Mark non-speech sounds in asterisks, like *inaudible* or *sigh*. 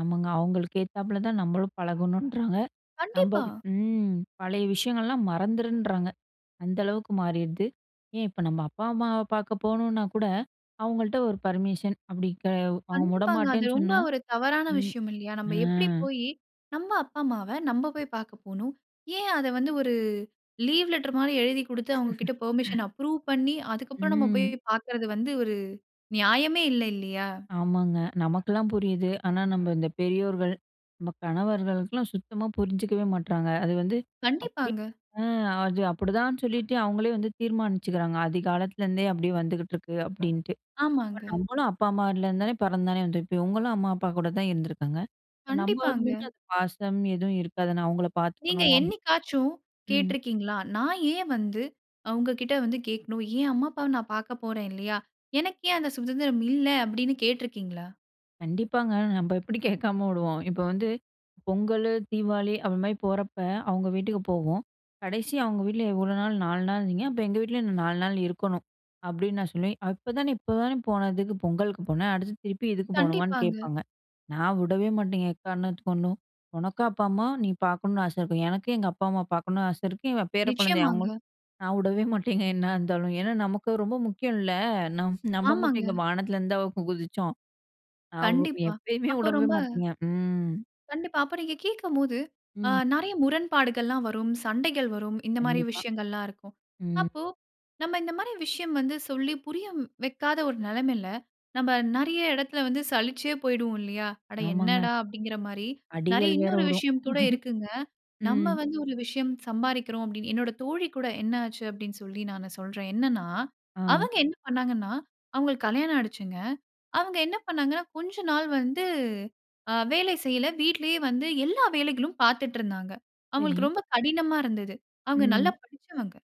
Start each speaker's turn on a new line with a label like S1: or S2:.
S1: ஆமாங்க. அவங்களுக்கு ஏத்தாப்பல தான் நம்மளும் பழகணுன்றாங்க. நம்ப
S2: கண்டிப்பா.
S1: ம். பழைய விஷயங்கள்லாம் மறந்துருன்றாங்க. அந்த அளவுக்கு மாறிருது. ஏன் இப்ப நம்ம அப்பா, அம்மாவ பார்க்க போகணுனா கூட, அவங்கள்ட்ட ஒரு பர்மிஷன். அப்படி க அவங்க
S2: கண்டிப்பாங்க. அது
S1: வுடமாட்டேன்னு
S2: ரொம்ப
S1: சொன்னா
S2: ஒரு தவறான
S1: ம்.
S2: விஷயம் இல்லையா?
S1: ஆ.
S2: நம்ம எப்படி போயி நம்ம அப்பா, அம்மாவ நம்ம போய் பாக்க போணும். ஏன் அத வந்து, ஒரு லீவ் லெட்டர் மாதிரி எழுதிக் கொடுத்து, அவுங்ககிட்ட
S1: *chuckles*
S2: பெர்மிஷன் அப்ரூவ் பண்ணி, அதுக்கப்புறம் நாம போயி
S1: ம்.
S2: பாக்கிறது வந்து, ஒரு நியாயமே இல்ல, இல்லையா?
S1: ஆமாங்க. நமக்கெல்லாம் புரியுது. ஆனா நம்ம இந்த பெரியோர்கள், நம்ம கணவர்களுக்கெல்லாம் சுத்தமா புரிஞ்சுக்கவே மாட்றாங்க. அது வந்து அப்படியே
S2: கண்டிப்பாங்க.
S1: ஆ அது அப்படிதான் சொல்லிட்டு, அவங்களே வந்து தீர்மானிச்சுக்கிறாங்க. ஆதிகாலத்துலேருந்தே அப்படியே வந்துகிட்டுருக்கு அப்படின்ட்டு. அப்ப
S2: ஆமாங்க.
S1: நம்மளும் அப்பா, அம்மாலருந்து தானே பிறந்து தானே வந்துருப்போம். இவங்களும் அம்மா அப்பா கூட தான் இருந்துருக்காங்க. இப்போ நம்மளுக்கு
S2: கண்டிப்பாங்க.
S1: மட்டும் அந்த பாசம் எதுவும் இருக்காது நான் அவங்களை
S2: நீங்க
S1: பார்த்துக்கணும்.
S2: என்னைக்காச்சும்
S1: ம்.
S2: கேட்ருக்கிங்களா? நான் ஏன் வந்து அவுங்ககிட்ட வந்து கேக்கணும்? ஏன் அம்மா அப்பாவை நான் பாக்க போறேன் இல்லையா? எனக்கு ஏன் அந்த சுதந்திரம் இல்ல அப்படின்னு கேட்ருக்கிங்களா?
S1: கண்டிப்பாங்க. நம்ம எப்படி கேட்காம விடுவோம். இப்போ வந்து பொங்கலு, தீபாவளி அப்படி மாதிரி போறப்ப, அவங்க வீட்டுக்கு போவோம். கடைசியா அவங்க வீட்டில எவ்வளோ நாள், 4 நாள் இருந்திங்க. அப்போ எங்கள் வீட்டிலையும் 4 நாள் இருக்கணும் அப்படின்னு நான் சொல்லுவேன். அப்போதானே, இப்போதானே போனதுக்கு பொங்கலுக்கு போன. அடுத்து திருப்பி இதுக்கு போகணுமான்னு
S2: கண்டிப்பாங்க.
S1: கேட்பாங்க. நான் வுடவே மாட்டேங்க, எக்காரணத்துக்கு கொண்டும். உனக்கு அப்பா அம்மா நீ பாக்கணும்னு ஆசை இருக்கும். எனக்கும் எங்க அப்பா அம்மா பாக்கணும்னு ஆசை இருக்கு. இவ பேர குழந்தை அவங்களும்.
S2: நிச்சயமாங்க.
S1: நான் வுடவே மாட்டேங்க என்னா இருந்தாலும். ஏன்னா, நமக்கு ரொம்ப முக்கியம் இல்ல. நம் நம்ம மட்டும்
S2: ஆமாங்க.
S1: இங்க வானத்துல இருந்தா குதிச்சோம். அவு
S2: கண்டிப்பா.
S1: எப்பயுமே
S2: அப்ப
S1: விடவே
S2: ரொம்ப
S1: மாட்டிங்க. ம்.
S2: கண்டிப்பா. அப்ப நீங்க கேட்கும்போது. ஆ,
S1: ம்.
S2: நெறைய முரண்பாடுகள்லாம் வரும். சண்டைகள் வரும். இந்த மாதிரி
S1: கண்டிப்பா,
S2: விஷயங்கள்லாம் இருக்கும்.
S1: ம்.
S2: அப்போ, நம்ம இந்த மாரி விஷயம் வந்து சொல்லி புரிய வைக்காத ஒரு நெலைமையில, நம்ம நெறைய எடத்தில வந்து சலிச்சே போய்விடுவோம் இல்லையா? "அட
S1: ஆமாங்க.
S2: என்னடா!" அப்படிங்கிற மாரி. நெறைய
S1: அடிகள் வேற
S2: இன்னொரு
S1: வுடும்.
S2: விஷயம் கூட இருக்குங்க.
S1: *chuckles*
S2: நம்ம
S1: ம்.
S2: வந்து ஒரு விஷயம் சம்பாறிக்கிறோம் அப்படினு என்னோட தோழி கூட என்ன ஆச்சு அப்படின்னு சொல்லி நான் சொல்றேன். என்னென்னா,
S1: ஆ.
S2: அவங்க என்ன பண்ணாங்கன்னா, அவுங்களுக்கு கல்யாணம் ஆயிடுச்சுங்க. அவுங்க என்ன பண்ணாங்கன்னா, கொஞ்ச நாள் வந்து ஆ வேலை செய்யல. வீட்டிலேயே வந்து எல்லா வேலைகளும் பார்த்துட்டு இருந்தாங்க. அவுங்களுக்கு
S1: சரி.
S2: ரொம்ப கடினமா இருந்தது. அவுங்க
S1: ம்.
S2: நல்லா படிச்சவங்க.